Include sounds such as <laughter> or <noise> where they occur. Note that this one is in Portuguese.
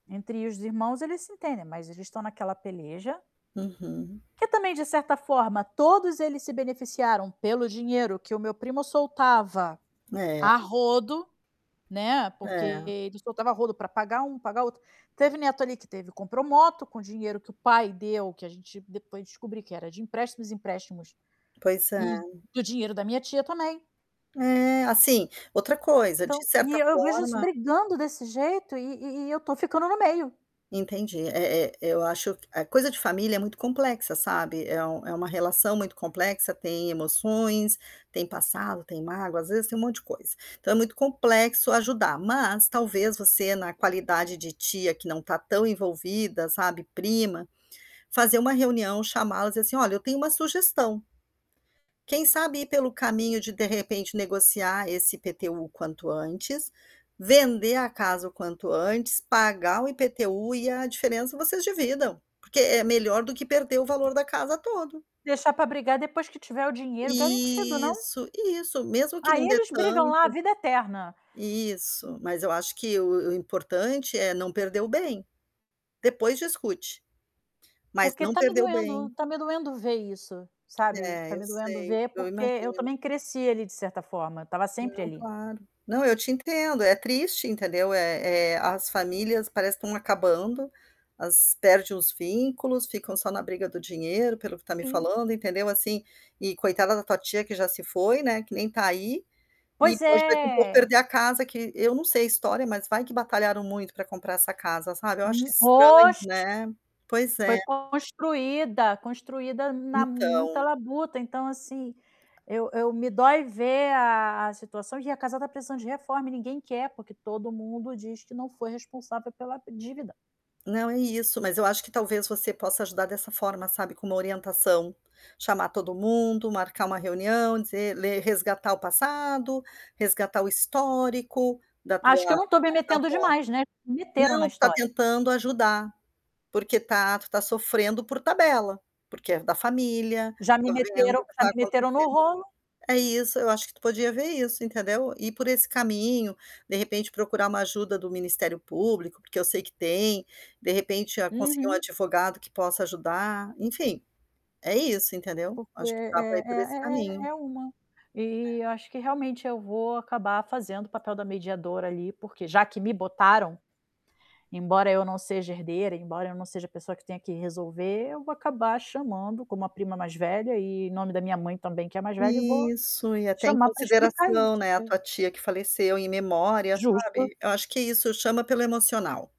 Entre os irmãos, eles se entendem, mas eles estão naquela peleja Uhum. que também, de certa forma, todos eles se beneficiaram pelo dinheiro que o meu primo soltava, a É. rodo, né, porque É. ele soltava a rodo pra pagar um, pagar outro. Teve neto ali, que teve compro moto com dinheiro que o pai deu, que a gente depois descobri que era de empréstimos, empréstimos, Pois e é. do dinheiro da minha tia também. É, assim, outra coisa, de Então certa e-e eu vejo eles forma brigando desse jeito e e e eu tô ficando no meio. Entendi, é é eu acho q ah, coisa de familia é muito complexa, sabe, é um é uma relação muito complexa, tem emoções, tem passado, tem mágoa, às vezes, tem um monte de coisa. Então é muito complexo ajudar, mas talvez, você, na qualidade de tia, que não tá tão envolvida, sabe, prima, fazer uma reunião, chamá-las assim: "Olha, eu tenho uma sugestão", quem sabe ir pelo caminho de, de repente, negociar esse IPTU o quanto antes, vender a casa o quanto antes, pagar o IPTU e a diferença vocês dividam, porque é melhor do que perder o valor da casa todo. Deixar pra brigar depois que tiver o dinheiro garantido, não? Isso, isso. Mesmo que Aí, não dê eles brigam tanto, lá, a vida eterna. isso, mas eu acho que o o importante é não perder o bem. Depois discute, mas Porque não tá me perder o doendo, bem. tá me doendo ver isso, sabe, tá É, eu me doendo sei, ver, eu porque eu imagino. também cresci ali, de certa forma, estava sempre Não, ali. claro. Não, eu te entendo, é triste, entendeu. Eh eh, as familias parece que estão acabando, as perde os vinculos, ficam só na briga do dinheiro, pelo o que tá me Sim. falando, entendeu, assim, e, coitada da tua tia, que já se foi, né, que nem tá ai, e Pois pode ver que um pouco é. perder a casa que, eu não sei a história, mas vai que batalharam muito pra comprar essa casa, sabe, eu acho Hum. estranho, Oxe. né. Pois Foi é. construida, construida na muita Então. labuta, então assim, eu eu me dói ver a a situação, e a casa tá precisando de reforma e ninguém quer, porque todo mundo diz que não foi responsável pela p divida. Não é isso, mas eu acho que talvez você possa ajudar dessa forma, sabe, com uma orientação, chamar todo mundo, marcar uma reunião, dizer ler, resgatar o passado, resgatar o histórico da tua Acho que eu <unintelligible> não tô metendo avó. demais, né, me meteram na Não, tu está história. tentando ajudar, porque tá tu tá sofrendo por tabela, porque é da familia, Já me tá vendo o meteram que já está me meteram acontecendo, no rolo. é isso, eu acho que tu podia ver isso, entendeu. Ir por esse caminho, de repente procurar uma ajuda do ministério público, porque eu sei que tem, de repente, conseguir, ah, um Uhum. advogado que possa ajudar, entim. E Isso, entendeu. Porque Acho que da pra é ir por esse é é, caminho. é uma, É. eh, eu acho que, realmente, eu vou acabar fazendo o papel da mediadora ali, porque já que me botaram, embora eu não seja herdeira, embora eu não seja a pessoa que tenha que resolver, eu vou acabar chamando, como a prima mais velha e, em nome da minha mãe também, que é mais velha, e vou Isso, e até em chamar pra explicar consideração, isso, né, a e tua tia que faleceu, em memória, Justo. sabe, eu acho que é isso, chama pelo emocional.